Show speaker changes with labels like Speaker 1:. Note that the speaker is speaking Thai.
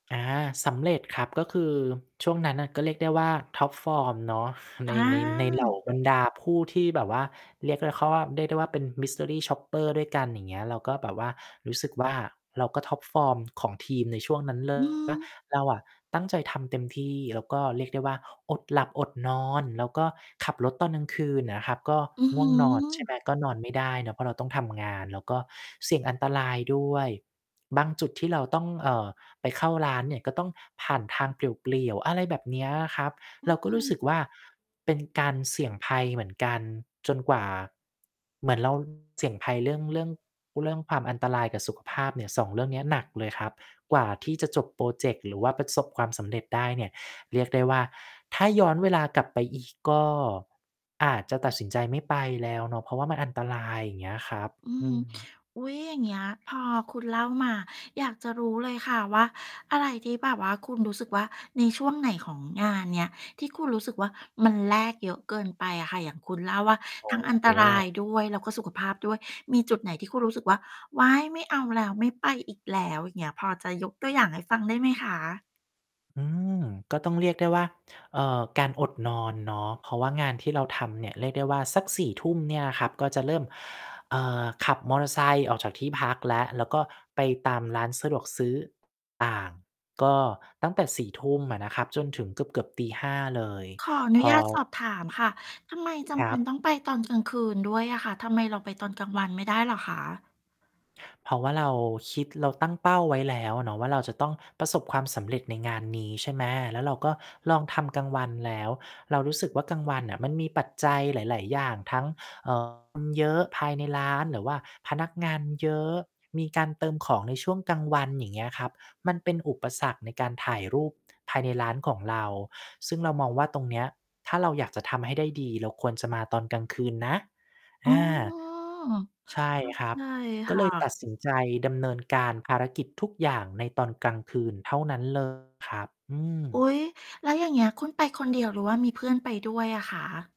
Speaker 1: อา สำเร็จครับ ก็คือช่วงนั้นน่ะก็เรียกได้ว่า ท็อปฟอร์ม เนาะ ใ
Speaker 2: อ
Speaker 1: น ใน ใน เหล่า
Speaker 2: า
Speaker 1: บรรดาผู้ที่แบบว่า เรียกได้เข้าว่า เรียกได้ว่าเป็น Mystery Shopper ด้วยกัน อย่างเงี้ย เราก็แบบว่ารู้สึกว่า เราก็ ท็อปฟอร์ม ของทีมในช่วงนั้น เล
Speaker 2: อื
Speaker 1: ย นะ
Speaker 2: อ
Speaker 1: เราอะตั้งใจทำเต็มที่ แล้วก็เรียกได้ว่า อดหลับอดนอน แล้วก็ขับรถตอนกลางคืนน่ะนะครับ ก็
Speaker 2: อื้อ
Speaker 1: ง
Speaker 2: ฮ
Speaker 1: ่ว
Speaker 2: ื
Speaker 1: งนอนใช่ไหม
Speaker 2: อ
Speaker 1: ก็นอนไม่ได้นะ เพราะเราต้องทำงาน แล้วก็เสี่ยงอันตรายด้วย บางจุดที่เราต้อง เอ่อ ไปเข้าร้านเนี่ย ก็ต้องผ่านทางเปลี่ยว ๆ อะไรแบบเนี้ยอะครับ
Speaker 2: อื
Speaker 1: เราก็รู้
Speaker 2: ม
Speaker 1: สึกว่า เป็นการเสี่ยงภัยเหมือนกัน จนกว่า เหมือน เรา เสี่ยงภัยเรื่อง เรื่อง ร เรื่องความอันตรายกับสุขภาพเนี่ย 2 เรื่องเนี้ยหนักเลยครับ กว่าที่จะจบพรอเจกต์หรือว่าประสบความสำเร็จได้เนี่ย เรียกได้ว่า ถ้าย้อนเวลากลับไปอีกก็อาจจะตัดสินใจไม่ไปแล้วเนาะ เพราะว่ามันอันตราย อย่างเงี้ยครับ
Speaker 2: อือ
Speaker 1: อ
Speaker 2: ฮ
Speaker 1: ื
Speaker 2: ึ
Speaker 1: ม
Speaker 2: อุ๊ย อย่างเงี้ย พอคุณเล่ามา อยากจะรู้เลยค่ะว่า อะไรที่แบบว่าคุณรู้สึกว่า ในช่วงไหนของงานเนี้ย ที่คุณรู้สึกว่า มันแลกเยอะเกินไปอะค่ะ อย่างคุณเล่าว่า
Speaker 1: โอ
Speaker 2: ท
Speaker 1: ้
Speaker 2: ั้งอัน
Speaker 1: โ
Speaker 2: ตราย
Speaker 1: ฮ
Speaker 2: ด้วย แล้วก็สุขภาพด้วย มีจุดไหนที่คุณรู้สึกว่า ว้าย ไม่เอาแล้วไม่ไปอีกแล้ว อย่างเงี้ย พอจะยกตัวอย่างให้ฟังได้ไหมคะ?
Speaker 1: อืม ก็ต้อง เรียกได้ว่า เอ่อ การอดนอนเนาะ เพราะว่างานที่เราทำเนี่ย เรียกได้ว่าสัก 4 ทุ่มเนี่ยครับ ก็จะเริ่ม เอ่อ ขับมอเตอร์ไซค์ออกจากที่พักแล้ว แล้วก็ไปตามร้านสะดวกซื้อ ต่าง ก็ตั้งแต่ 4 ทุ่มอะนะครับ จนถึงเกือบ ๆ ตี 5 เลย
Speaker 2: ขออน
Speaker 1: พ
Speaker 2: ุญ
Speaker 1: อ
Speaker 2: าตสอบถามค่ะ ทำไมจ
Speaker 1: ค
Speaker 2: ำ
Speaker 1: ร
Speaker 2: เป
Speaker 1: ั
Speaker 2: ็น
Speaker 1: บ
Speaker 2: ต้องไปตอนกลางคืนด้วยอะค่ะ ทำไมเราไปตอนกลางวันไม่ได้เหรอคะ?
Speaker 1: เพราะว่าเราคิด เราตั้งเป้าไว้แล้วเนาะว่า เราจะต้องประสบความสำเร็จในงานนี้ใช่ไหม แล้วเราก็ลองทำกลางวันแล้ว เรารู้สึกว่า กลางวันน่ะมันมีปัจจัยหลาย ๆ อย่าง ทั้ง เอ่อ คนเยอะภายในร้าน หรือว่าพนักงานเยอะ มีการเติมของในช่วงกลางวัน อย่างเงี้ยครับ มันเป็นอุปสรรคในการถ่ายรูปภายในร้านของเรา ซึ่งเรามองว่า ตรงเนี้ยถ้าเราอยากจะทำให้ได้ดี เราควรจะมาตอนกลางคืนนะ
Speaker 2: อ๋
Speaker 1: อ
Speaker 2: อ
Speaker 1: า ใช่
Speaker 2: เข้า
Speaker 1: คร
Speaker 2: ใ
Speaker 1: ั
Speaker 2: จ
Speaker 1: บ ก
Speaker 2: ค
Speaker 1: ็เ
Speaker 2: ่
Speaker 1: ลยต
Speaker 2: ะ
Speaker 1: ัดสินใจดำเนินการภารกิจทุกอย่างในตอนกลางคืนเท่านั้น เลย ครับ อื
Speaker 2: อ
Speaker 1: ม
Speaker 2: ุ๊ย แล้วอย่างเงี้ย คุณไปคนเดียวหรือว่ามีเพื่อนไปด้วยอะคะ?